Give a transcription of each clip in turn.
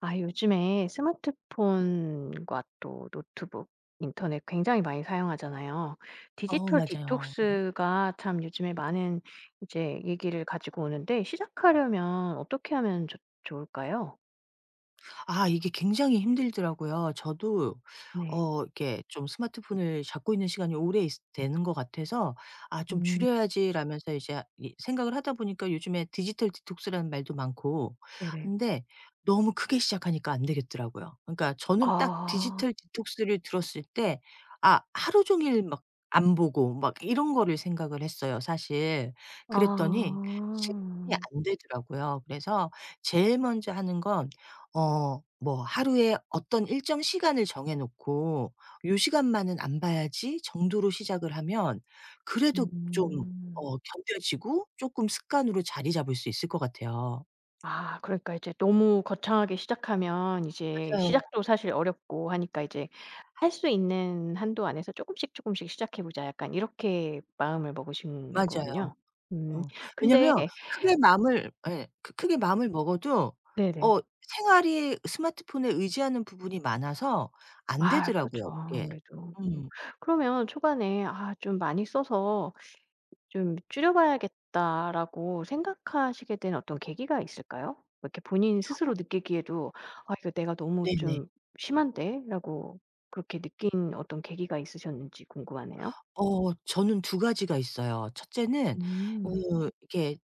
아 요즘에 스마트폰과 또 노트북, 인터넷 굉장히 많이 사용하잖아요. 어 디지털 맞아요. 네. 디톡스가 참 요즘에 많은 이제 얘기를 가지고 오는데 시작하려면 어떻게 하면 조 좋을까요? 아 이게 굉장히 힘들더라고요. 저도 네. 어 이렇게 좀 스마트폰을 잡고 있는 시간이 오래 있 되는 것 같아서 '아 좀 음. 줄여야지.'라면서 이제 이 생각을 하다 보니까 요즘에 디지털 디톡스라는 말도 많고 네네. 근데 너무 크게 시작하니까 안되겠더라고요. 그러니까 저는 딱 아. 디지털 디톡스를 들었을 때 아 하루 종일 막 안 보고 막 이런 거를 생각을 했어요 사실. 그랬더니 실행이 아. 안 되더라고요. 그래서 제일 먼저 하는 건 어 뭐 하루에 어떤 일정 시간을 정해 놓고 '요 시간만은 안 봐야지.' 정도로 시작을 하면 그래도 좀 음. 어 견뎌지고 쪼끔 습관으로 자리 잡을 수 있을 것 같아요. 아. 그러니까 이제 너무 거창하게 시작하면 이제 맞아요. 시작도 사실 어렵고 하니까 이제 할 수 있는 한도 안에서 '쪼금씩 쪼금씩 시작해 보자.' 약간 이렇게 마음을 먹으신 맞아요. 거군요. 음. 어. 근데 왜냐면 크게 마음을 예. 크 크게 마음을 먹어도 네네. 어 생활이 스마트폰에 의지하는 부분이 많아서 안 아 그렇죠 되더라고요 그게. 아무래도. 음. 음. 그러면 초반에 '아 좀 많이 써서 좀 줄여봐야겠다.'라고 생각하시게 된 어떤 계기가 있을까요? 이렇게 본인 어 스스로 느끼기에도 '아 이거 내가 너무 네네. 좀 심한데?'라고 그렇게 느낀 어떤 계기가 있으셨는지 궁금하네요. 어 저는 2 가지가 있어요. 1 째는 음. 그 이렇게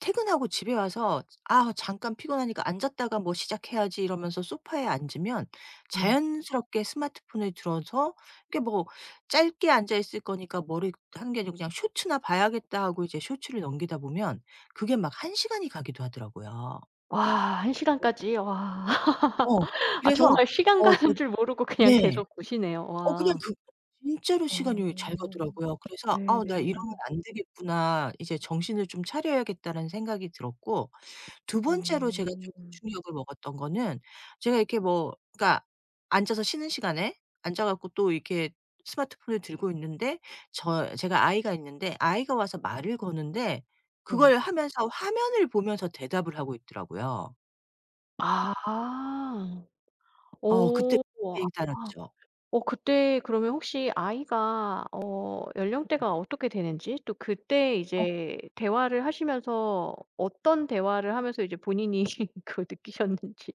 퇴근하고 집에 와서 '아 잠깐 피곤하니까 앉았다가 뭐 시작해야지.' 이러면서 소파에 앉으면 네. 자연스럽게 스마트폰을 들어서 이렇게 뭐 '짧게 앉아 있을 거니까 머리 환기로 그냥 쇼츠나 봐야겠다.' 하고 이제 쇼츠를 넘기다 보면 그게 막 1 시간이 가기도 하더라고요. 와 1 네. 시간까지 와. 어. 아 그래서 정말 시간 어 그 가는 줄 모르고 그냥 네. 계속 보시네요. 어 그냥 와. 그 진짜로 어 시간이 잘 가더라고요. 그래서 '아 나 네네. 이러면 안 되겠구나. 이제 정신을 좀 차려야겠다.'라는 생각이 들었고. 2 번째로 제가 쪼금 어. 충격을 먹었던 거는 제가 이렇게 뭐 그러니까 앉아서 쉬는 시간에 앉아 갖고 또 이렇게 스마트폰을 들고 있는데 저 제가 아이가 있는데 아이가 와서 말을 거는데 네. 그걸 하면서 화면을 보면서 대답을 하고 있더라고요. 아. 아어 그때 어. [unintelligible] 아 죠. 어 그때 그러면 혹시 아이가 어 음음. 연령대가 어떻게 되는지 또 그때 어. 이제 대화를 하시면서 어떤 대화를 하면서 이제 본인이 그걸 느끼셨는지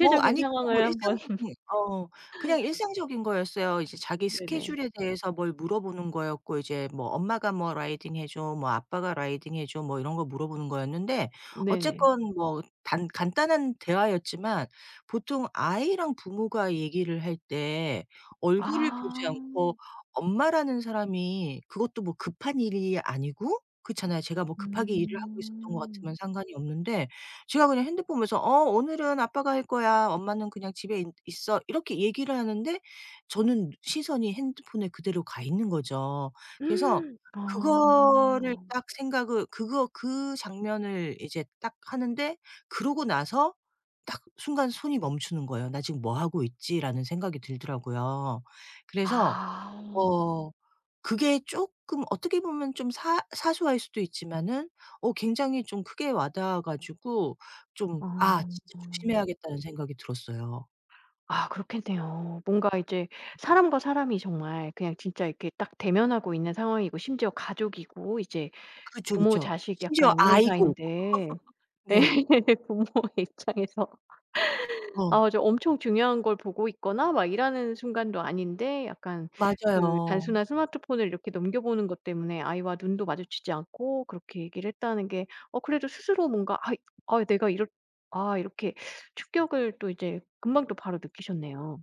어 아니 그건 뭐 상황을 한번 일상적인 어 그냥 일상적인 거였어요. 이제 자기 네네. 스케줄에 대해서 뭘 물어보는 거였고 이제 뭐 '엄마가 뭐 라이딩해 줘, 뭐 아빠가 라이딩해 줘.' 뭐 이런 거 물어보는 거였는데 네네. 어쨌건 뭐 단 간단한 대화였지만 보통 아이랑 부모가 얘기를 할 때 얼굴을 보지 않고 아. 엄마라는 사람이 그것도 뭐 급한 일이 아니고 그렇잖아요. 제가 뭐 급하게 일을 하고 있었던 것 같으면 음. 상관이 없는데 제가 그냥 핸드폰 보면서 "어 오늘은 아빠가 할 거야. 엄마는 그냥 집에 있 있어." 이렇게 얘기를 하는데 저는 시선이 핸드폰에 그대로 가 있는 거죠. 그래서 그거를 아. 딱 생각을 그거 그 장면을 이제 딱 하는데 그러고 나서 딱 순간 손이 멈추는 거예요. '나 지금 뭐 하고 있지?'라는 생각이 들더라고요. 그래서 아. 어 그게 쪼끔 어떻게 보면 좀 사 사소할 수도 있지만은 어 굉장히 좀 크게 와 닿아 가지고 좀 어. '아 진짜 조심해야겠다.'는 생각이 들었어요. 아 그렇겠네요. 뭔가 이제 사람과 사람이 정말 그냥 진짜 이렇게 딱 대면하고 있는 상황이고 심지어 가족이고 이제 그쵸 부모 그쵸. 자식 심지어 약간 이런 아이고. 사이인데 예. 네. 부모의 입장에서 어. 아주 엄청 중요한 걸 보고 있거나 막 일하는 순간도 아닌데 약간 그 맞아요. 단순한 스마트폰을 이렇게 넘겨보는 것 때문에 아이와 눈도 마주치지 않고 그렇게 얘기를 했다는 게 어 그래도 스스로 뭔가 아이 아 내가 이렇 아 이렇게 충격을 또 이제 금방 또 바로 느끼셨네요.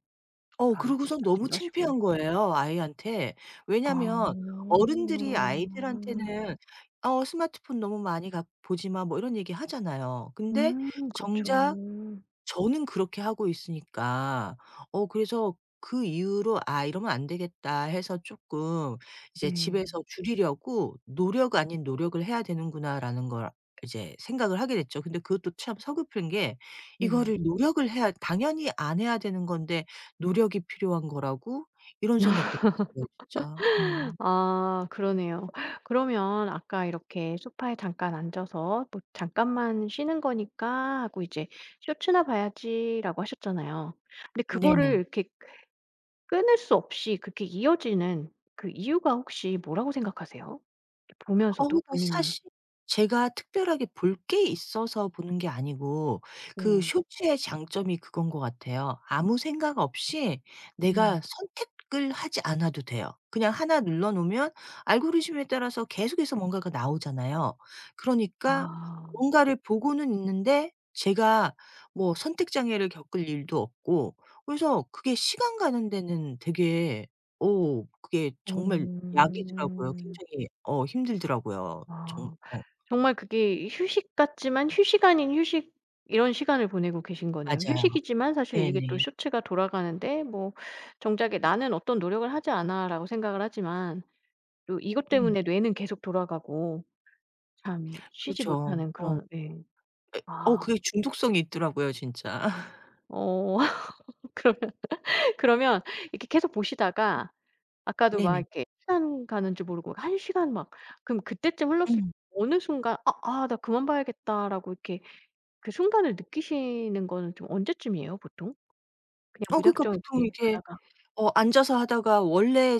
어 바로 이렇게 그러고서는 너무 다짐도 하시고. 창피한 거예요 아이한테. 아. 왜냐면 어른들이 아이들한테는 "어 스마트폰 너무 많이 가 보지 마." 뭐 이런 얘기 하잖아요. 근데 음. 정작 그렇죠. 저는 그렇게 하고 있으니까. 어 그래서 그 이후로 '아, 이러면 안 되겠다.'해서 쪼끔 이제 네. '집에서 줄이려고 노력 아닌 노력을 해야 되는구나.'라는 걸 이제 생각을 하게 됐죠. 근데 그것도 참 서글픈 게 네. 이거를 노력을 해야 당연히 안 해야 되는 건데 '노력이 필요한 거라고?' 이런 생각도 드네요, 진짜 음. 아 그러네요. 그러면 아까 이렇게 소파에 잠깐 앉아서 또 "잠깐만 쉬는 거니까 하고 이제 쇼츠나 봐야지."라고 하셨잖아요. 근데 그거를 네네. 이렇게 그 끊을 수 없이 그렇게 이어지는 그 이유가 혹시 뭐라고 생각하세요? 이 보면서도 어우 저 본인이 사실 제가 특별하게 볼 게 있어서 보는 게 아니고 그 네. 쇼츠의 장점이 그건 것 같아요. 아무 생각 없이 내가 음. 선택을 하지 않아도 돼요. 그냥 1 눌러놓으면 알고리즘에 따라서 계속해서 뭔가가 나오잖아요. 그러니까 아. 뭔가를 보고는 있는데 제가 뭐 선택 장애를 겪을 일도 없고 그래서 그게 시간 가는 데는 되게 오 그게 정말 약이더라고요. 어. 굉장히 어 힘들더라고요. 정 아. 어. 정말 그게 휴식 같지만 휴식 아닌 휴식 이런 시간을 보내고 계신 거네요. 맞아요. 휴식이지만 사실 이게 또 네네. 쇼츠가 돌아가는데 뭐 정작에 '나는 어떤 노력을 하지 않아.'라고 생각을 하지만 또 이것 음. 때문에 뇌는 계속 돌아가고 참 쉬지 그렇죠. 못하는 어. 그런 예 그러니까 어 아. 그게 중독성이 있더라고요 진짜. 어. 그러면 그러면 이렇게 계속 보시다가 아까도 막 네네. 이렇게 시간 가는 줄 모르고 1 시간 막 그러면 그때쯤 흘렀을 때 음. 어느 순간 아 아 '나 그만 봐야겠다.'라고 이렇게 그 순간을 느끼시는 건 좀 언제쯤이에요 보통? 그냥 어 그러니까 무작정 보통 이렇게 이렇게 하다가 어 앉아서 하다가 원래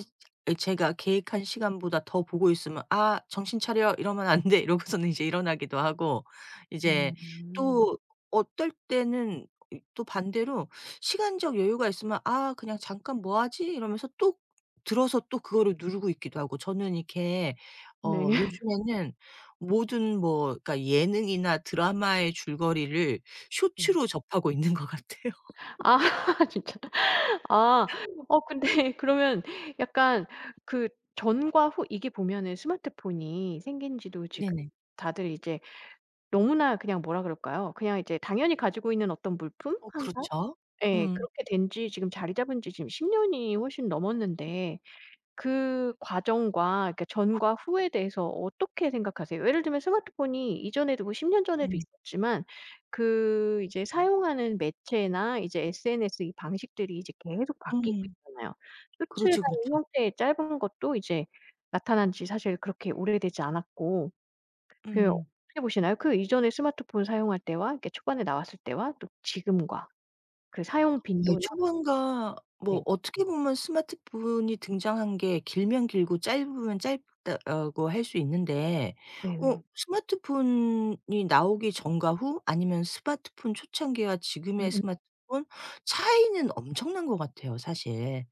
이 제가 계획한 시간보다 더 보고 있으면 '아, 정신 차려 이러면 안 돼.' 이러고서는 이제 일어나기도 하고 이제 어. 또 어떨 때는 또 반대로 시간적 여유가 있으면 아 그냥 '잠깐 뭐 하지?' 이러면서 또 들어서 또 그거를 누르고 있기도 하고 저는 이렇게 네. 어 요즘에는 모든 뭐 그러니까 예능이나 드라마의 줄거리를 음. 쇼츠로 접하고 있는 것 같아요. 아 진짜. 아 어 근데 그러면 약간 그 전과 후 이게 보면은 스마트폰이 생긴지도 지금 네네. 다들 이제 너무나 그냥 뭐라 그럴까요. 그냥 이제 당연히 가지고 있는 어떤 물품, 어 항상? 그렇죠? 예 음. 그렇게 된 지 지금 자리 잡은 지 지금 10 년이 훨씬 넘었는데 그 과정과 그니까 전과 후에 대해서 어떻게 생각하세요? 예를 들면 스마트폰이 이전에도 뭐 10 년 전에도 음. 있었지만 그 이제 사용하는 매체나 이제 SNS 이 방식들이 이제 계속 바뀌고 음. 있잖아요. 쇼츠나 그렇죠, 이 그렇죠. 형태의 짧은 것도 이제 나타난 지 사실 그렇게 오래되지 않았고 그 음음. 어떻게 보시나요? 그 이전에 스마트폰 사용할 때와 이렇게 초반에 나왔을 때와 또 지금과 그 사용 예 빈도나 초반과 뭐 네. 어떻게 보면 스마트폰이 등장한 게 길면 길고 짧으면 짧다라고 할 수 있는데 어 네네. 스마트폰이 나오기 전과 후 아니면 스마트폰 초창기와 지금의 음음. 스마트폰 차이는 엄청난 것 같아요, 사실.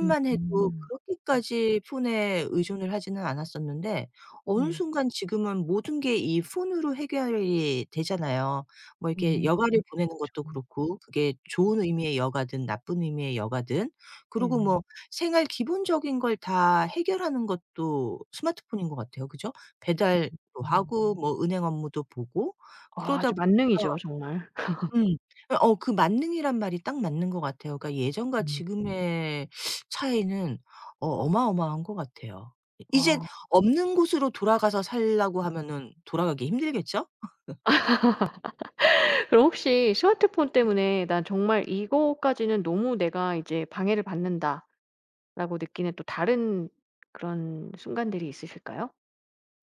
음음. 해도 음. 그렇게까지 폰에 의존을 하지는 않았었는데 어느 네. 순간 지금은 모든 게 이 폰으로 해결이 되잖아요. 뭐 이렇게 음. 그쵸. 여가를 보내는 것도 음. 그렇고 그게 좋은 의미의 여가든 나쁜 의미의 여가든. 그러고 네네. 뭐 생활 기본적인 걸 다 해결하는 것도 스마트폰인 것 같아요 그죠? 배달도 음. 하고 뭐 은행 업무도 보고 그러다 아주 보니까 만능이죠 정말. 음. 어 그 만능이라는 말이 딱 맞는 것 같아요. 그니까 예전과 네. 지금의 차이는 어 어마어마한 것 같아요. 이 이제는 아. 없는 곳으로 돌아가서 살라고 하면은 돌아가기 힘들겠죠? 그럼 혹시 '스마트폰 때문에 난 정말 이것까지는 너무 내가 이제 방해를 받는다.'라고 느끼는 또 다른 그런 순간들이 있으실까요?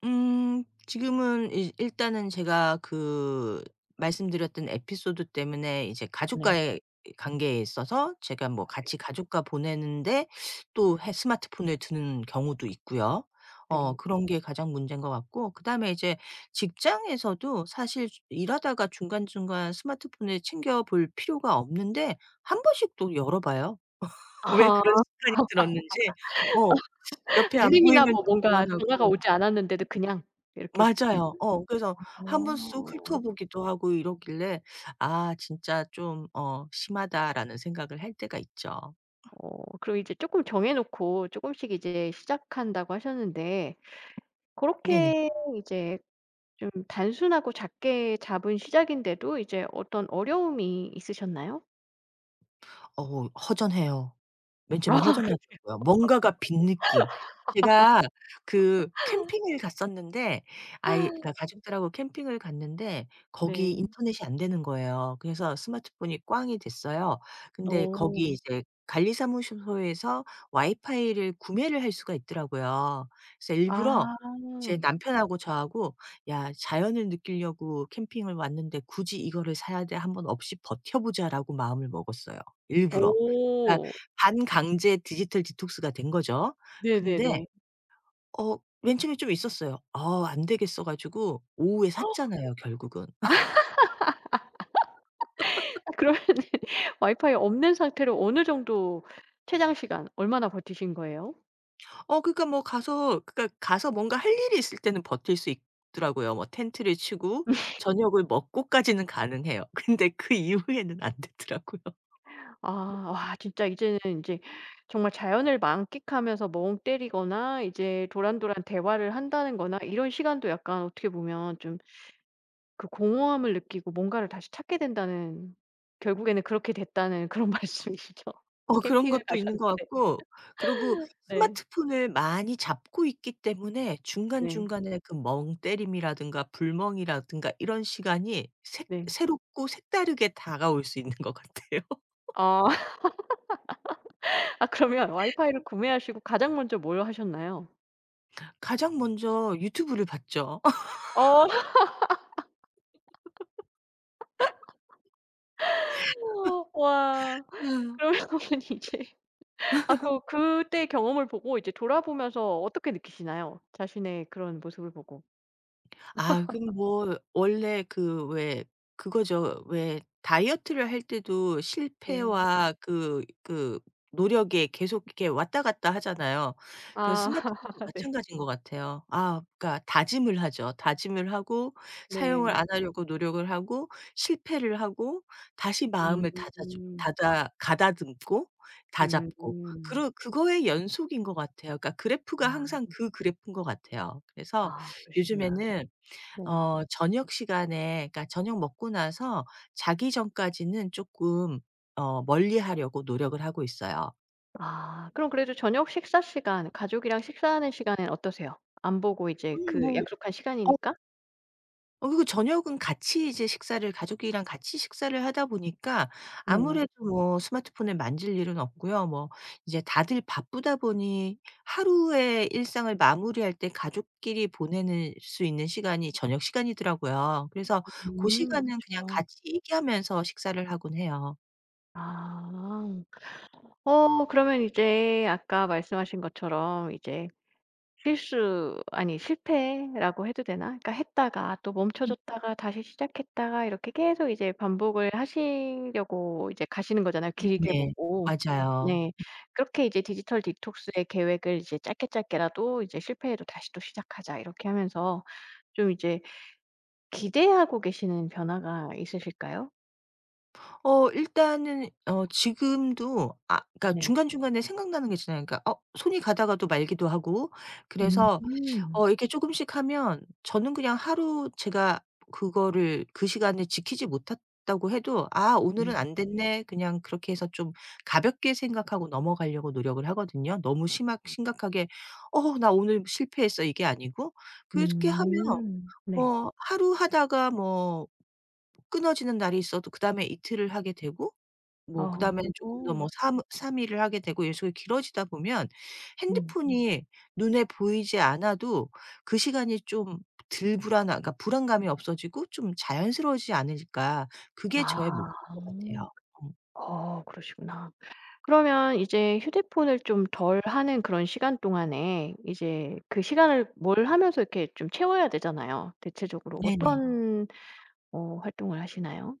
음. 지금은 일 일단은 제가 그 말씀드렸던 에피소드 때문에 이제 네. 가족과의 이 관계에 있어서 제가 뭐 맞아요. 같이 가족과 보내는데 또 해 스마트폰을 드는 경우도 있고요. 어 네. 그런 게 가장 문제인 것 같고 그다음에 이제 직장에서도 사실 주 일하다가 중간중간 스마트폰을 챙겨 볼 필요가 없는데 1 번씩 또 열어 봐요. 왜 아. 그런 습관이 들었는지 어 옆에 안 알림이나 보이면 뭐 좀 뭔가 전화가 불안하고 오지 않았는데도 그냥 이렇게 보고 맞아요. 있는. 어 그래서 한번 쑥 아. 훑어보기도 하고 이러길래 '아 진짜 좀 어 심하다.'라는 생각을 할 때가 있죠. 어 그럼 이제 쪼끔 정해놓고 쪼금씩 이제 시작한다고 하셨는데 네네. 그렇게 이제 좀 단순하고 작게 잡은 시작인데도 이제 어떤 어려움이 있으셨나요? 어 허전해요. 맨 아 처음에 그렇네요. 허전하더라고요. 뭔가가 빈 느낌. 제가 그 캠핑을 갔었는데 아이 그 가족들하고 캠핑을 갔는데 거기 네. 인터넷이 안 되는 거예요. 그래서 스마트폰이 꽝이 됐어요. 근데 거기 어. 이제 관리사무소 에서 와이파이를 구매를 할 수가 있더라고요. 그래서 일부러 아. 제 남편하고 저하고 '야 자연을 느끼려고 캠핑을 왔는데 굳이 이거를 사야 돼? 한번 없이 버텨보자.'라고 마음을 먹었어요 일부러. 그러니까 어. 반강제 디지털 디톡스가 된 거죠. 근데 네네네. 어 맨 처음에 좀 있었어요. 어 안 되겠어 가지고 오후에 샀잖아요 결국은. 아 그러면은 와이파이 없는 상태로 어느 정도 최장 시간 얼마나 버티신 거예요? 어 그러니까 뭐 가서 그러니까 가서 뭔가 할 일이 있을 때는 버틸 수 있더라고요. 뭐 텐트를 치고 저녁을 먹고까지는 가능해요. 근데 그 이후에는 안 되더라고요. 아 와 진짜 이제는 인제 정말 자연을 만끽하면서 멍 때리거나 이제 도란도란 대화를 한다는 거나 이런 시간도 약간 어떻게 보면 좀 그 공허함을 느끼고 뭔가를 다시 찾게 된다는 결국에는 그렇게 됐다는 그런 말씀이시죠, 어 그런 캠핑을 가셨는데. 것도 있는 것 같고 그리고 네. 스마트폰을 많이 잡고 있기 때문에 네. 중간중간에 그 멍 때림이라든가 불멍이라든가 이런 시간이 새 네. 새롭고 색다르게 다가올 수 있는 것 같아요. 아. 아 그러면 와이파이를 구매하시고 가장 먼저 뭘 하셨나요? 가장 먼저 유튜브를 봤죠. 어 와 아여. 그러면 이제 아 그 그때 경험을 보고 이제 돌아보면서 어떻게 느끼시나요? 자신의 그런 모습을 보고. 아 그거 뭐 원래 그 왜 그거죠. 왜 다이어트를 할 때도 네. 실패와 그 그 노력에 계속 이렇게 왔다 갔다 하잖아요. 그 아 스마트폰도 네. 마찬가지인 것 같아요. 아 그러니까 다짐을 하죠. 다짐을 하고 사용을 네. 안 하려고 노력을 하고 실패를 하고 다시 마음을 다자졌 음. 다다 가다듬고 다잡고 음. 그러 그거의 연속인 것 같아요. 그러니까 그래프가 항상 아. 그 그래프인 것 같아요. 그래서 아 그러시구나. 요즘에는 네. 어 저녁 시간에 그러니까 저녁 먹고 나서 자기 전까지는 쪼끔 어 멀리하려고 노력을 하고 있어요. 아 그럼 그래도 저녁 식사 시간, 가족이랑 식사하는 시간에는 어떠세요? 안 보고 이제 음 그 뭐 약속한 어 시간이니까? 어 그리고 저녁은 같이 이제 식사를 가족끼리랑 같이 식사를 하다 보니까 네네. 아무래도 뭐 스마트폰을 만질 일은 없고요 뭐 이제 다들 바쁘다 보니 하루에 일상을 마무리할 때 가족끼리 보내는 수 있는 시간이 저녁 시간이더라고요. 그래서 고 음. 시간은 그냥 그쵸. 같이 얘기하면서 식사를 하곤 해요. 아. 어 그러면 이제 아까 말씀하신 것처럼 이제 실수 아니 실패라고 해도 되나? 그러니까 했다가 또 멈춰졌다가 다시 시작했다가 이렇게 계속 이제 반복을 하시려고 이제 가시는 거잖아요, 길게 네네. 보고. 맞아요. 네. 그렇게 이제 디지털 디톡스의 계획을 이제 짧게 짧게라도 이제 '실패해도 다시 또 시작하자.' 이렇게 하면서 좀 이제 기대하고 계시는 변화가 있으실까요? 금어 일단은 어 지금도 아 그러니까 네. 중간중간에 생각나는 게 있잖아요. 그러니까 어 손이 가다가도 말기도 하고 그래서 음. 어 이렇게 쪼금씩 하면 저는 그냥 하루 제가 그거를 그 시간에 지키지 못했다고 해도 '아 네. 오늘은 안 됐네.' 그냥 그렇게 해서 좀 가볍게 생각하고 넘어가려고 노력을 하거든요. 너무 심하 심각하게 '어 나 오늘 실패했어.' 이게 아니고. 그래서 그렇게 하면 음. 네. 뭐 '하루 하다가 뭐 끊어지는 날이 있어도 그다음에 이틀을 하게 되고 뭐 그다음에는 쪼끔 더 뭐 어. 3- 3 일을 하게 되고 이런 식으로 길어지다 보면 음. 핸드폰이 눈에 보이지 않아도 그 시간이 좀 덜 불안한 그러니까 불안감이 없어지고 좀 자연스러워지지 않을까.' 그게 저의 목표인 아. 것 같아요. 음. 어 그러시구나. 그러면 이제 휴대폰을 좀 덜 하는 그런 시간 동안에 이제 그 시간을 뭘 하면서 이렇게 좀 채워야 되잖아요. 대체적으로 네네. 어떤 어 활동을 하시나요?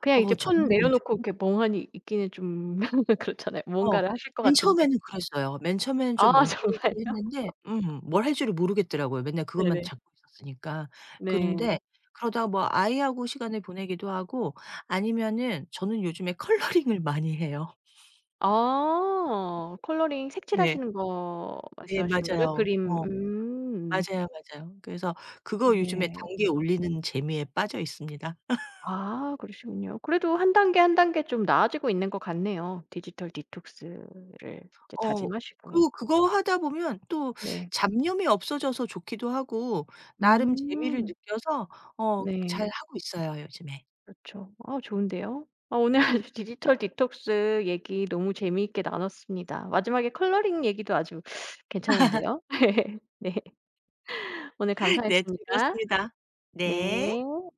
그냥 이제 어 폰 저는 내려놓고 요즘에 이렇게 멍하니 있기는 좀 그렇잖아요. 어. 뭔가를 하실 것 맨 같은데. 처음에는 그랬어요. 맨 처음에는 좀 아 멍 정말요? 때리기도 했는데 음 뭘 할 줄을 모르겠더라고요, 맨날 그것만 네네. 잡고 있었으니까. 그런데 네. 그러다 뭐 아이하고 시간을 보내기도 하고 아니면은 저는 요즘에 컬러링을 많이 해요. 아. 컬러링 네. 색칠하시는 거 네 말씀하시는 거죠? 맞아요. 그림. 어. 음. 맞아요, 맞아요. 그래서 그거 요즘에 네. 단계 음. 올리는 재미에 빠져 있습니다. 아 그러시군요. 그래도 1 단계 1 단계 좀 나아지고 있는 것 같네요 디지털 디톡스를 이제 어. 다짐하시고. 그 그거 하다 보면 또 네. 잡념이 없어져서 좋기도 하고 나름 재미를 음. 느껴서 어 네. 잘하고 있어요 요즘에. 그렇죠. 아 좋은데요? 아 오늘 디지털 디톡스 얘기 너무 재미있게 나눴습니다. 마지막에 컬러링 얘기도 아주 괜찮은데요? 네. 오늘 네 감사했습니다. 즐거웠습니다. 네. 네.